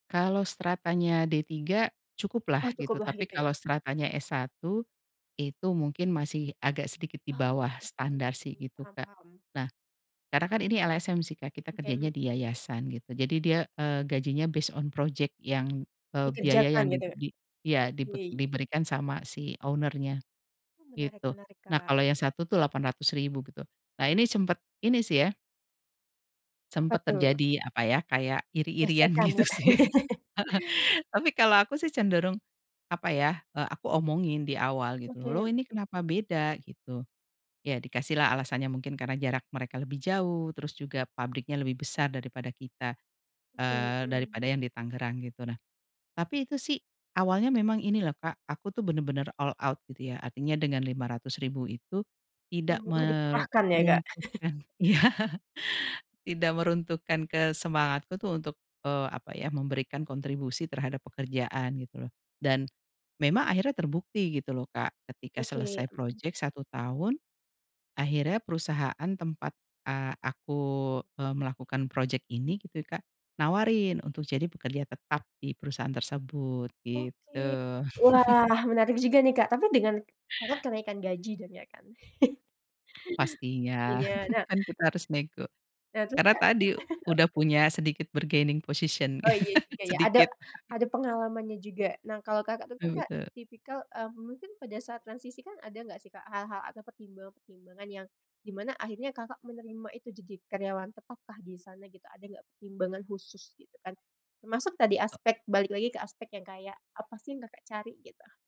Kalau stratanya D3 Oh, cukuplah gitu, syukurlah tapi gitu kalau ya. stratanya S1 itu mungkin masih agak sedikit di Oh, bawah oke, standar sih itu, paham Kak. paham. Nah, karena kan ini LSM sih, Kak, kita Oke, kerjanya mmm. di yayasan gitu jadi dia, eee, gajinya based on project yang, eee, biaya Dikerjakan yang di gitu? di iya dibe Oke. diberikan sama si owner-nya, Menarik gitu. menarik, Nah, Kak. kalau yang satu tuh Rp.800.000 gitu. Nah, ini sempet ini sih ya Apa sempet tuh? terjadi, apa ya, kayak iri-irian Gesekan, gitu gitu? sih. Tapi kalau aku sih cenderung, apa ya, eee, aku omongin di awal gitu loh Oke. ini kenapa beda, gitu. Ya dikasih lah alasannya mungkin karena jarak mereka lebih jauh terus juga pabriknya lebih besar daripada kita, Oke, eee, mmm. daripada yang di Tangerang gitu nah, tapi itu sih awalnya memang ini loh, Kak, aku tuh bener-bener all out gitu ya artinya dengan Rp.500.000 itu tidak Semua dikerahkan ya, Kak. meruntuhkan iya, tidak meruntuhkan ke semangatku untuk, eee, apa ya, memberikan kontribusi terhadap pekerjaan gitu loh, dan memang akhirnya terbukti gitu loh, Kak, ketika Oke, selesai mmm. project 1 tahun. Akhirnya perusahaan tempat, eee, aku, eee, melakukan project ini gitu, Kak, nawarin untuk jadi pekerja tetap di perusahaan tersebut, gitu. Oke, wah menarik juga nih, Kak, tapi dengan karena kenaikan gaji jadinya kan? Pastinya Iya, nah kan kita harus nego. Eee, terus, Karena Kak? tadi udah punya sedikit bargaining position, Oh iya juga ya, ada sedikit. ada pengalamannya juga. Nah, kalau, Kakak, tuh kan, Betul Kak, betul. tipikal, eee, mungkin pada saat transisi kan ada nggak sih hal-hal atau pertimbangan-pertimbangan yang di mana akhirnya, Kakak, menerima itu jadi karyawan tetap kah di sana gitu ada nggak pertimbangan khusus gitu kan termasuk tadi aspek balik lagi ke aspek yang kayak apa sih yang, Kakak, cari, gitu?